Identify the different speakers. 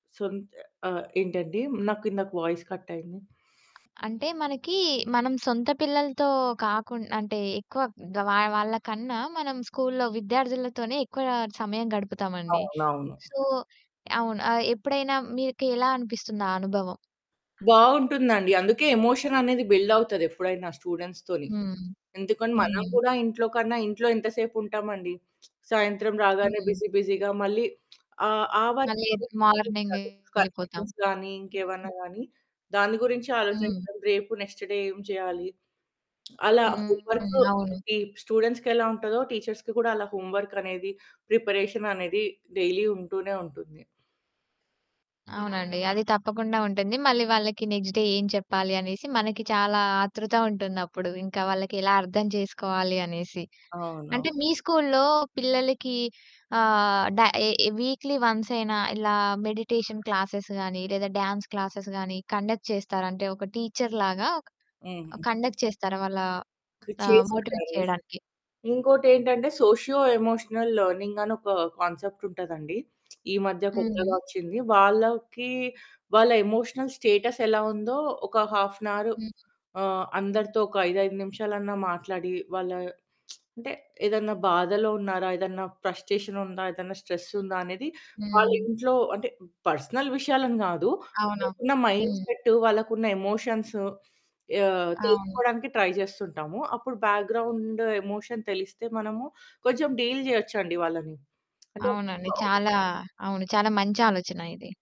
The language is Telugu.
Speaker 1: సొంత ఆహ్, ఏంటండి? నాకిందాక వాయిస్ కట్ అయింది.
Speaker 2: అ అంటే మనకి మనం సొంత పిల్లలతో కాకుండ్ అంటే ఎక్కువ గ వా వాళ్ళ కన్నా మనం స్కూలులో విద్యార్థులతోనే ఎక్కువ సమయం గడుపుతామండి.
Speaker 1: అవునవును.
Speaker 2: సో అవును. ఆహ్, ఎప్పుడైనా మీక ఎలా అనిపిస్తుందా అనుభవం?
Speaker 1: బావుంటుందండి. అందుకే ఎమోషన్ అనేది బిల్డ్ అవుతదెప్పుడైనా స్టూడెంట్స్‌తోని.
Speaker 2: హ్మ్.
Speaker 1: ఎందుకని మనం
Speaker 2: హ్మ్.
Speaker 1: కూడా ఇంట్లో కన్నా ఇంట్లో ఎంతసేపు ఉంటామండి? సాయంత్రం రాగానే
Speaker 2: హ్మ్.
Speaker 1: బిజీ బిజీగా మళ్ళీ ఆ ఆవరణ
Speaker 2: ఆదె మార్నింగే
Speaker 1: [unintelligible]
Speaker 2: యెళ్ళిపోతాం.
Speaker 1: కరెక్షన్స్ గానీ ఇంకేవన్నా
Speaker 2: హ్మ్.
Speaker 1: గాని, దాని గురించి
Speaker 2: హ్మ్.
Speaker 1: ఆలోచించాలి. రేపు నెక్స్ట్ డే ఏం చేయాలి? అలా
Speaker 2: హ్మ్.
Speaker 1: హోమ్ వర్క్
Speaker 2: అవును.
Speaker 1: టీ స్టూడెంట్స్‌కి ఎలా ఉంటదో, టీచర్స్‌కి కూడా అలా హోమ్‌వర్క్ అనేది ప్రిపరేషన్ అనేది డైలీ ఉంటూనే ఉంటుంది.
Speaker 2: అవునండి. అది తప్పకుండా ఉంటుంది. మళ్ళీ వాళ్ళకి నెక్స్ట్ డే ఏం చెప్పాలి? అనేసి మనకి చాలా ఆతృత ఉంటుందప్పుడు. ఇంకా వాళ్ళకి ఎలా అర్థం చేసుకోవాలి? అనేసి.
Speaker 1: అవును.
Speaker 2: అంటే మీ స్కూలులో పిల్లలకి ఆహ్, డ ఎ వీక్లీ వన్సయినా ఇలా మెడిటేషన్ క్లాసెస్ గాని లేదా డ్యాన్స్ క్లాసెస్ గానీ కండక్ట్ చేస్తారా? అంటే ఒక టీచరులాగా ఒక
Speaker 1: హ్మ్.
Speaker 2: కండక్ట్ చేస్తారా? వాళ్ళ.
Speaker 1: కు
Speaker 2: ఆహ్, మోటివేట్
Speaker 1: చేేసుంటారు.
Speaker 2: చేయడానికి.
Speaker 1: ఇంకోటేంటంటే సోషియో ఎమోషనల్ లెర్నింగ్ అనొక కాన్సెప్ట్ ఉంటదండి. ఈ మధ్య కొత్తగా
Speaker 2: హ్మ్.
Speaker 1: వచ్చింది. వాళ్ళకి వాళ్ళ ఎమోషనల్ స్టేటస్ ఎలా ఉందో ఒక హాఫ్ ఎన్ అవర్
Speaker 2: హ్మ్.
Speaker 1: ఆహ్, అందరితో ఒక 5, 5 నిమిషాలన్నా మాట్లాడి వాళ్ళ అంటే ఏదన్నా బాధలో ఉన్నారా? ఏదన్నా ఫ్రస్టేషన్ ఉందా? ఏదన్నా స్ట్రెస్ ఉందా? అనేది వాళ్ళ
Speaker 2: హ్మ్.
Speaker 1: ఇంట్లో అంటే పర్సనల్ విషయాలను కాదు.
Speaker 2: అవును.
Speaker 1: వాళ్ళకున్న మైండ్
Speaker 2: హ్మ్.
Speaker 1: సెట్ వాళ్ళకున్న ఎమోషన్స్ ఆహ్,
Speaker 2: అవును.
Speaker 1: తెలుసుకోవడానికి ట్రై జేస్తుంటాము. అప్పుడు బ్యాక్గ్రౌండ్ ఎమోషన్ తెలిస్తే మనము కొంచెం డీల్ జేయొచ్చండి వాళ్ళని. అంటే
Speaker 2: అవునండి.
Speaker 1: [unintelligible]
Speaker 2: చాలా అవును. చాలా మంచి ఆలోచన ఇది.